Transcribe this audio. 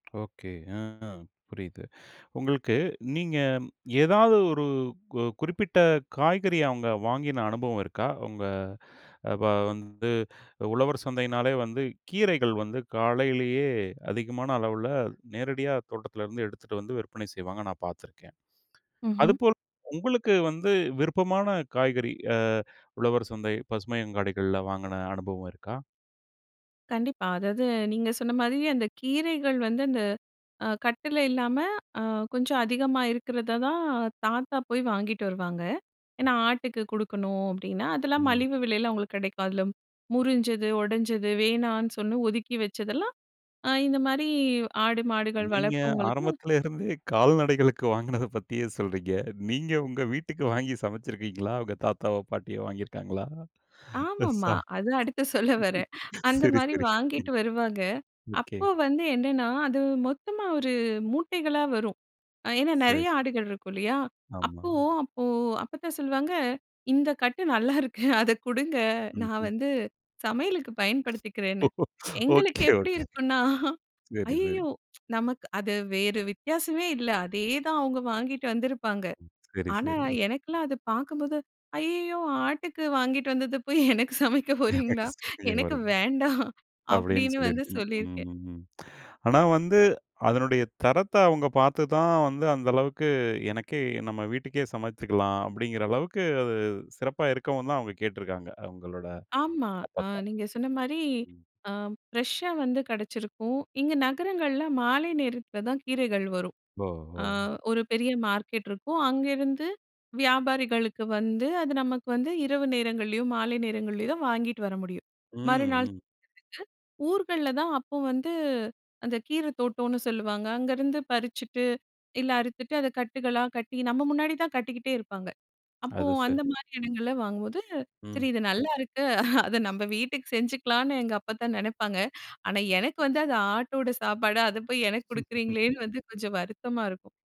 Okay. ஆ, புரியுது. உங்களுக்கு நீங்க ஏதாவது ஒரு கு குறிப்பிட்ட காய்கறிய அவுங்க வாங்கின அனுபவம் இருக்கா? உங்க அ இப்ப வந்து உழவர் சந்தையினாலே வந்து கீரைகள் வந்து காலையிலேயே அதிகமான அளவுல நேரடியா தோட்டத்திலருந்து எடுத்துட்டு வந்து விற்பனை செய்வாங்க நான் பார்த்துருக்கேன் ம்ஹ்ம். அதுபோல் உங்களுக்கு வந்து விருப்பமான காய்கறி அ உழவர் சந்தை, பசுமை அங்காடிகள்ல வாங்கின அனுபவம் இருக்கா? கண்டிப்பா. அதாவது நீங்க சொன்ன மாரியே அந்த கீரைகள் வந்து அந்த அ கட்டுல இல்லாம அ கொஞ்சம் அதிகமா இருக்கிறத தான் தாத்தா போய் வாங்கிட்டு வருவாங்க. ஏன்னா, "ஆட்டுக்கு குடுக்கணும்," அப்பிடின்னா அதெல்லாம் ம். மலிவு விலையில, அவுங்களுக்கு கிடைக்கும். அதில முறிஞ்சது, உடஞ்சது, வேணான்னு சொன்ன, ஒதுக்கி வச்சதெல்லாம், அ இந்தமாரி ஆடு, மாடுகள் நீங்க வளர்ப்பவங்களுக்கு ஆரம்பத்தில இருந்தே கால்நடைகளுக்கு வாங்குனத பத்தியே சொல்றீங்க. நீங்க உங்க வீட்டுக்கு வாங்கி சமச்சிருக்கீங்களா? உங்க தாத்தாவோ! பாட்டியோ! வாங்கிருக்காங்களா? ஆமா, இத ஆமா. சா அதுதான் அடுத்து சொல்ல வரேன். சரி, அந்தமாரி சரி வாங்கிட்டு வருவாங்க. ஓகே. அப்போ வந்து என்னன்னா அது மொத்தமா ஒரு மூட்டைகளா வரும். அ ஏன்னா சரி. நிறைய ஆடுகள் இருக்கும் இல்லயா! ஆமா. அப்போ அப்போ அப்பத்தா சொல்லுவாங்க, இந்த கட்டு நல்லாயிருக்கு. அதை கொடுங்க நான் ம்ஹ்ம். வந்து சமையலுக்கு பயன்படுத்திக்கிறேன்னு. எங்களுக்கு ஒகே, எப்பிடி ஓகே. இருக்குன்னா சரி, சரி. ஐயய்யோ! நமக் அது வேறு வித்தியாசமே இல்ல. அதே தான் அவங்க வாங்கிட்டு வந்திருப்பாங்க. சரி, ஆனா சரி. எனக்குல்லாம் அதை பாக்கும்போது "ஐயய்யோ! ஆட்டுக்கு வாங்கிட்டு வந்தத போய் எனக்கு சமைக்க போறீங்களா? எனக்கு [unintelligible] வேண்டாம்" அப்பிடின்னு அப்பிடின்னு வந்து சொல்லியிருக்கீங்க. ம். சொல்லியிருக்கேன். ம். ம். ஆனா, வந்து அதனுடைய தரத்த அவுங்க பார்த்து தான் வந்து அந்த அளவுக்கு "எனக்கே நம்ம வீட்டுக்கே சமைச்சுக்கலாம்." அப்பிடிங்கிற அளவுக்கு அது சிறப்பா இருக்கவுந்தான் அவுங்க கேட்டிருக்காங்க. அவுங்களோட ஆமா. அ அப்பத்தா! நீங்க சொன்னமாரி [unintelligible] ஆ ஃப்ரெஷ்ஷா வந்து கிடைச்சிருக்கும். இங்கே நகரங்கள்ல மாலை நேரத்தில தான் கீரைகள் வரும். ஓ! ஆ ஓ! ஒரு பெரிய மார்க்கெட் இருக்கும். அங்கிருந்து வியாபாரிகளுக்கு வந்து, அது நமக்கு வந்து இரவு நேரங்கள்லேயும் மாலை நேரங்கள்லேயும் தான் வாங்கிட்டு வர முடியும். ம், மறுநாள் ம். [unintelligible] ஊர்கள்ல தான் அப்போ வந்து அந்த கீர தோட்டோன்னு சொல்லுவாங்க. அங்கருந்து பறிச்சுட்டு, இல்ல அறுத்துட்டு, அத கட்டுக்களா கட்டி நம்ம முன்னாடிதான் கட்டிக்கிட்டே இருப்பாங்க. அப்போ அது, சரி. அந்தமாரி இடங்கள்ல வாங்கும்போது, சரி, ம். இது நல்லாயிருக்கு. அத நம்ம வீட்டுக்கு செஞ்சுக்கலான்னு எங்கள் அப்பத்தா நினைப்பாங்க. ஆனா, எனக்கு வந்து அது ஆட்டோட சாப்பாடு, அத போய் எனக்கு கொடுக்குறீங்களேன்னு வந்து கொஞ்சம் வருத்தமா இருக்கும்.